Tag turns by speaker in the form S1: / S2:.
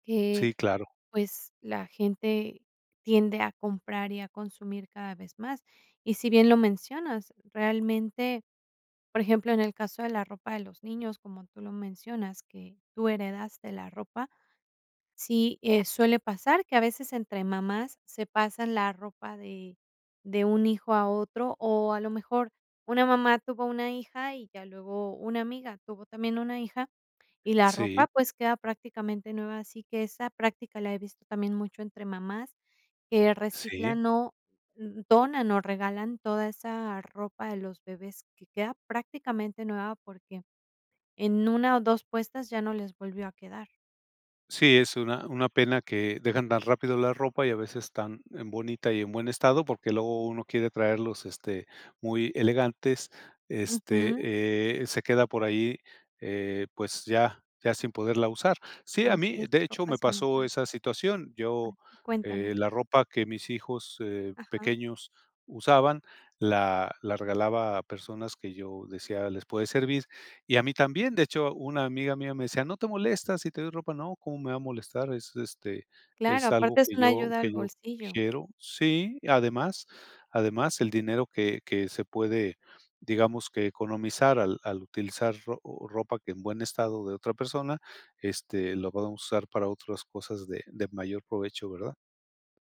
S1: Eh,
S2: Sí, claro.
S1: pues, la gente tiende a comprar y a consumir cada vez más. Y si bien lo mencionas, realmente, por ejemplo, en el caso de la ropa de los niños, como tú lo mencionas, que tú heredaste la ropa. Sí, eh, suele pasar que a veces entre mamás se pasan la ropa de de un hijo a otro, o, a lo mejor, una mamá tuvo una hija y ya luego una amiga tuvo también una hija, y la
S2: Sí.
S1: ropa, pues, queda prácticamente nueva. Así que esa práctica la he visto también mucho entre mamás que
S2: Sí.
S1: reciclan, o, donan, o, regalan toda esa ropa de los bebés que queda prácticamente nueva, porque en 1, o 2 puestas ya no les volvió a quedar.
S2: Sí, es una una pena que dejan tan rápido la ropa, y a veces tan en bonita, y en buen estado, porque luego uno quiere traerlos, este, muy elegantes. Este,
S1: Ujú.
S2: eh, se queda por ahí, eh, pues, ya ya sin poderla usar. Sí, a
S1: Así
S2: mí,
S1: es,
S2: de hecho,
S1: ropa
S2: me
S1: sin
S2: pasó
S1: usar.
S2: esa situación.
S1: Ah,
S2: Yo
S1: sí
S2: eh,
S1: Cuéntame.
S2: la ropa que mis hijos, eh,
S1: Ajá.
S2: pequeños usaban, la la regalaba a personas que yo decía: "Les puede servir", y a mí también. De hecho, una amiga mía me decía: "¿No te molesta si te doy ropa?", "No, ¿cómo me va a molestar? Es, este,
S1: Claro,
S2: es algo
S1: aparte es
S2: que
S1: una
S2: yo
S1: ayuda al
S2: que yo
S1: bolsillo.
S2: quiero". Sí, además además, el dinero que que se puede, digamos, que economizar al al utilizar ro ropa que en buen estado de otra persona, este, lo podemos usar para otras cosas de de mayor provecho, ¿verdad?